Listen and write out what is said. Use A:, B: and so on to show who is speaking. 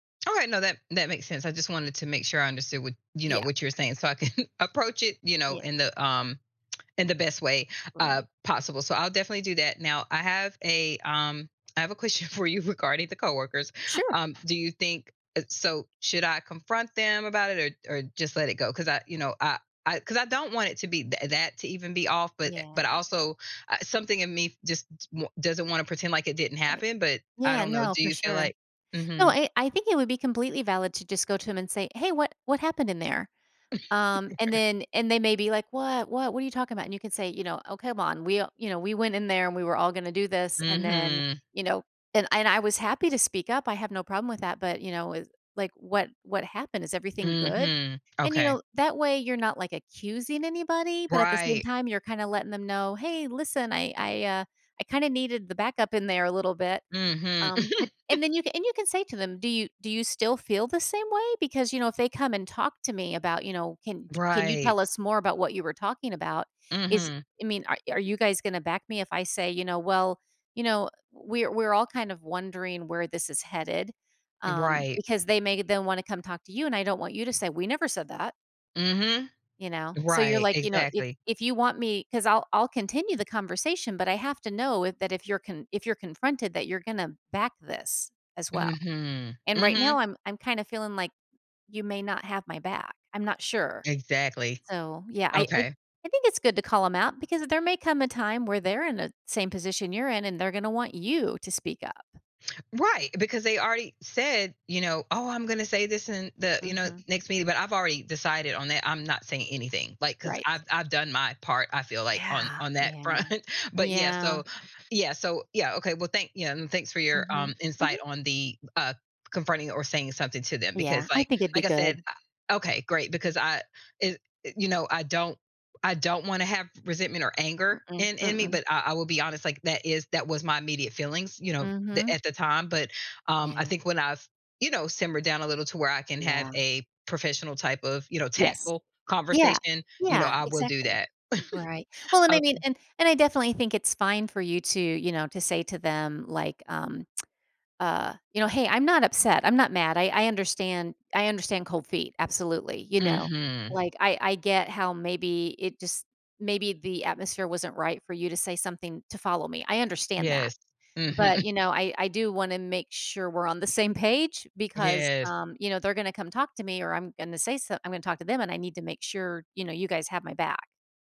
A: Alright, no, that that makes sense. I just wanted to make sure I understood what you know,
B: Yeah.
A: what you're saying so I can approach it
B: Yeah.
A: in the, um, in the best way, uh,
B: Right.
A: possible, so I'll definitely do that. Now, I have a, um I have a question for you regarding the coworkers.
B: Sure.
A: Um, do you think it so, should I confront them about it or or just let it go? 'Cause I, you know, I I 'cause I don't want it to be that that to even be off, but e but
B: Yeah.
A: also, uh, something in me just t won doesn't want to pretend like it didn't
B: Right.
A: happen, but I
B: Yeah,
A: don't know,
B: no,
A: do
B: for
A: you feel
B: sure.
A: like
B: No,
A: Mhm.
B: eh, I think it would be completely valid to just go to them and say, "Hey, what what happened in there?" Um, and then and they may be like, "What? What what are you talking about?" And you can say, you know, "Oh, come on, we all" you know, "We went in there and we were all gonna do this and then"
A: Mhm.
B: you know, "And I I was happy to speak up, I have no problem with that, but you know, it" like, "What what happened? Is everything good?"
A: Mhm,
B: And, you
A: okay.
B: know, that way you're not, like, accusing anybody but at the same
A: Right.
B: time you're kinda letting them know, "Hey, listen, I I, uh, I kinda needed the backup in there a little bit."
A: Mhm.
B: Um, but and then you and you say to them, "Do you do you still feel the same way? Because you know, if they come and talk to me about" you know, "'Can y can you
A: Right.
B: tell us more about what you were talking about?' Is
A: Mhm.
B: I mean, are are you guys gonna back me if I say," you know, "'Well, you know, we're we're all kind of wondering where this is headed,'" um,
A: Right.
B: "because they may they'll wanna come talk to you and I don't want you to say, 'We never said that.'"
A: Mhm.
B: You know? So, you're
A: Right,
B: like, you know, "If
A: exactly.
B: if you want me 'Cause I'll I'll continue the conversation, but I have to know if that if you're con if you're confronted that you're gonna back this as well.
A: Mhm,
B: And right
A: mhm.
B: now, I'm I'm kinda feeling like you may not have my back. I'm not sure."
A: Exactly.
B: So, yeah, I I
A: Okay.
B: I think it's good to call 'em out because there may come a time where they're in a same position you're in and they're gonna want you to speak up.
A: Right, because they already said, you know, "Oh, I'm gonna say this in the," you know,
B: Mhm.
A: "next meeting," but I've already decided on that, I'm not saying anything, like, 'cause
B: Right.
A: I've I've done my part I feel like, on
B: Yeah,
A: on that front.
B: yeah.
A: But yeah,
B: Yeah.
A: so yeah, so yeah, okay, well, thank y um, thanks for your,
B: Mhm.
A: um, insight
B: Mhm.
A: on the, uh, confronting or saying something to them because
B: Yeah, I
A: like
B: think it'd be
A: like I said,
B: good.
A: I okay, great, because I it it you know, I don't I don't wanna have resentment or anger
B: Mm-mm,
A: in in me,
B: mm-mm.
A: but I I will be honest, like, that is that was my immediate feelings, you know, the
B: Mhm.
A: at the time, but, um, I
B: Yeah.
A: think when I've, you know, simmered down a little to where I can have
B: Yeah.
A: a professional type of, you know,
B: Yes.
A: tactful
B: Yeah,
A: conversation, you know,
B: yeah,
A: I will do
B: exactly.
A: that.
B: Right. Well, and I
A: Ok
B: mean and and I definitely think it's fine for you to, you know, to say to them, like, um, uh, you know, "Hey, I'm not upset, I'm not mad, I I understand I understand cold feet, absolutely." You know,
A: Mhm.
B: like, "I I get how maybe it just maybe the atmosphere wasn't right for you to say something to follow me, I understand that.
A: Yes,
B: But,
A: mhm.
B: you know, I I do wanna make sure we're on the same page because,
A: Yes.
B: um, you know, they're gonna come talk to me or I'm gonna say so I'm gonna talk to them and I need to make sure, you know, you guys have my back."